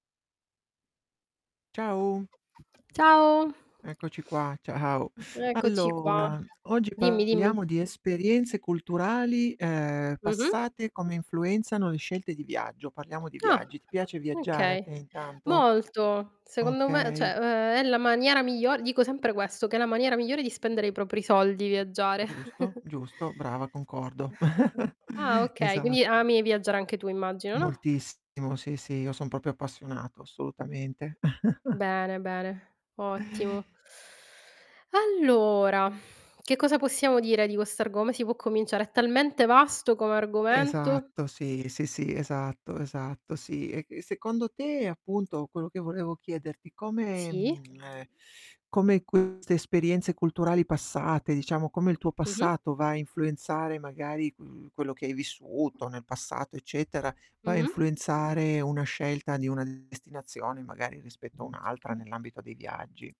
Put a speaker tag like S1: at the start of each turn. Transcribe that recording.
S1: Ciao.
S2: Ciao.
S1: Eccoci qua, ciao.
S2: Eccoci qua.
S1: Allora, oggi
S2: Dimmi, dimmi.
S1: parliamo di esperienze culturali, ehm,
S2: Mh-mh.
S1: passate, come influenzano le scelte di viaggio. Parliamo di
S2: Ah,
S1: viaggi. Ti piace viaggiare a
S2: okay.
S1: te intanto?
S2: Molto. Secondo me
S1: Okay.
S2: cioè, uhm, è la maniera miglior dico sempre questo, che è la maniera migliore di spendere i propri soldi, viaggiare.
S1: Giusto, giusto. Brava, concordo.
S2: Ah okay, quindi
S1: Esatto.
S2: ami viaggiare anche tu immagino, no?
S1: Moltissimo, sì, sì, io son proprio appassionato, assolutamente.
S2: Bene, bene, ottimo. Allora, che cosa possiamo dire di questo argome come si può cominciare, è talmente vasto come argomento.
S1: Esatto, sì, sì, sì, esatto, esatto, sì. E e secondo te, appunto, quello che volevo chiederti, come,
S2: Sì.
S1: mhmm, ehm, come queste esperienze culturali passate, diciamo, come il tuo
S2: Mh-mh.
S1: passato va a influenzare magari, mhmm, quello che hai vissuto nel passato, eccetera, va a
S2: Mh-mh.
S1: influenzare una scelta di una destinazione, magari rispetto a un'altra nell'ambito dei viaggi?